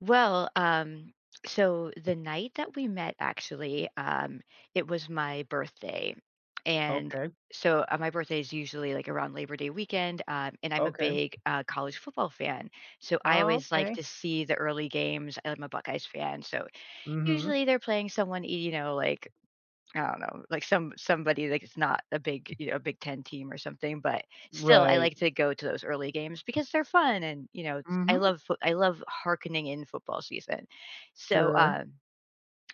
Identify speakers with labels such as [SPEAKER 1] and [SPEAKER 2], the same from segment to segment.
[SPEAKER 1] Well, um, so, the night that we met, actually, um, it was my birthday. And
[SPEAKER 2] Okay.
[SPEAKER 1] so uh, my birthday is usually, like, around Labor Day weekend, um, and I'm a
[SPEAKER 2] Okay.
[SPEAKER 1] big, uh, college football fan, so, I
[SPEAKER 2] Oh,
[SPEAKER 1] always like
[SPEAKER 2] okay.
[SPEAKER 1] to see the early games, I'm a Buckeyes fan, so,
[SPEAKER 2] Mhm.
[SPEAKER 1] usually, they're playing someone, y you know, like, I don't know, like some somebody, like, it's not a big, you know, a big 10 team or something, but still, I
[SPEAKER 2] Right.
[SPEAKER 1] like to go to those early games because they're fun and, you know, s I
[SPEAKER 2] Mhm.
[SPEAKER 1] love foo I love hearkening in football season. So,
[SPEAKER 2] Sure.
[SPEAKER 1] uh,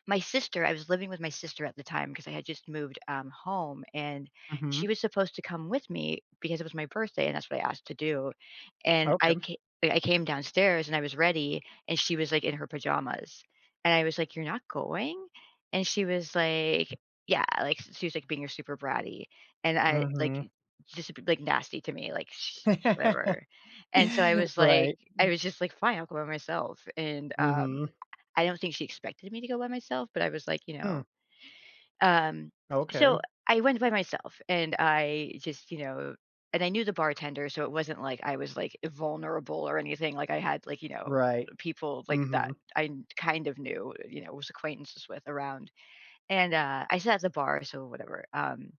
[SPEAKER 1] my sister I was living with my sister at the time 'cause I had just moved, um, home, and
[SPEAKER 2] Mhm.
[SPEAKER 1] she was supposed to come with me because it was my birthday and that's what I asked to do. And
[SPEAKER 2] Okay,
[SPEAKER 1] I
[SPEAKER 2] m
[SPEAKER 1] ca I came downstairs, and I was ready, and she was, like, in her pajamas, and I was, like, "You're not going?" And she was, like yeah, like, she was, like, being a super bratty and I like
[SPEAKER 2] Mhm.
[SPEAKER 1] just, [unintelligible] like, nasty to me, like, sh "Whatever." and so I was, like
[SPEAKER 2] Right.
[SPEAKER 1] I was just, like, "Fine. I'll go by myself," and, um,
[SPEAKER 2] Mhm.
[SPEAKER 1] I I I don't think she expected me to go by myself, but I was, like, you know
[SPEAKER 2] Mm.
[SPEAKER 1] Um,
[SPEAKER 2] Okay.
[SPEAKER 1] so, I went by myself and I just, you know and I knew the bartender so it wasn't like I was, like, vulnerable or anything like I had, like, you know,
[SPEAKER 2] Right.
[SPEAKER 1] people like that
[SPEAKER 2] Mhm.
[SPEAKER 1] I kn kind of knew, you know, I was acquaintances with around. And, uh, I sat at the bar so whatever, um,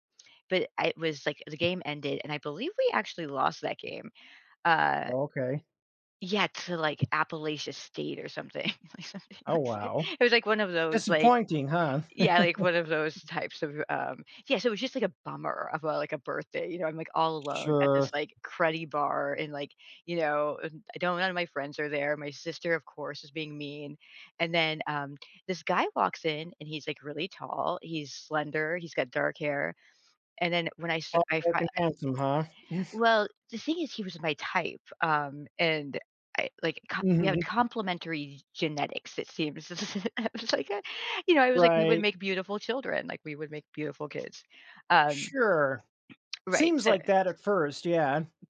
[SPEAKER 1] but I was, like the game ended, and I believe we actually lost that game. Uh
[SPEAKER 2] Okay.
[SPEAKER 1] yeah, to, like, Appalachia State or something.
[SPEAKER 2] Oh, wow.
[SPEAKER 1] It was, like, one of those, like
[SPEAKER 2] Disappointing, huh.
[SPEAKER 1] yeah, like, one of those types of, um Yeah, so it was just, like, a bummer of, uh, like a birthday, you know, I'm, like, all alone at this,
[SPEAKER 2] Sure.
[SPEAKER 1] like, cruddy bar and, like, you know, and I do none of my friends are there, my sister of course is being mean and then, um, this guy walks in and he's, like, really tall, he's slender, he's got dark hair, and then when I sa
[SPEAKER 2] Tall,
[SPEAKER 1] I
[SPEAKER 2] dark,
[SPEAKER 1] fi
[SPEAKER 2] and handsome, huh.
[SPEAKER 1] well, the thing is he was my type, um, and I like co we had
[SPEAKER 2] Mhm.
[SPEAKER 1] complimentary g genetics, it seems. I was, like, "Ah," you know, I was, like, "We would
[SPEAKER 2] Right.
[SPEAKER 1] make beautiful children, like, we would make beautiful kids." Um
[SPEAKER 2] Sure.
[SPEAKER 1] Right,
[SPEAKER 2] Seems
[SPEAKER 1] so
[SPEAKER 2] like that at 1st Yeah.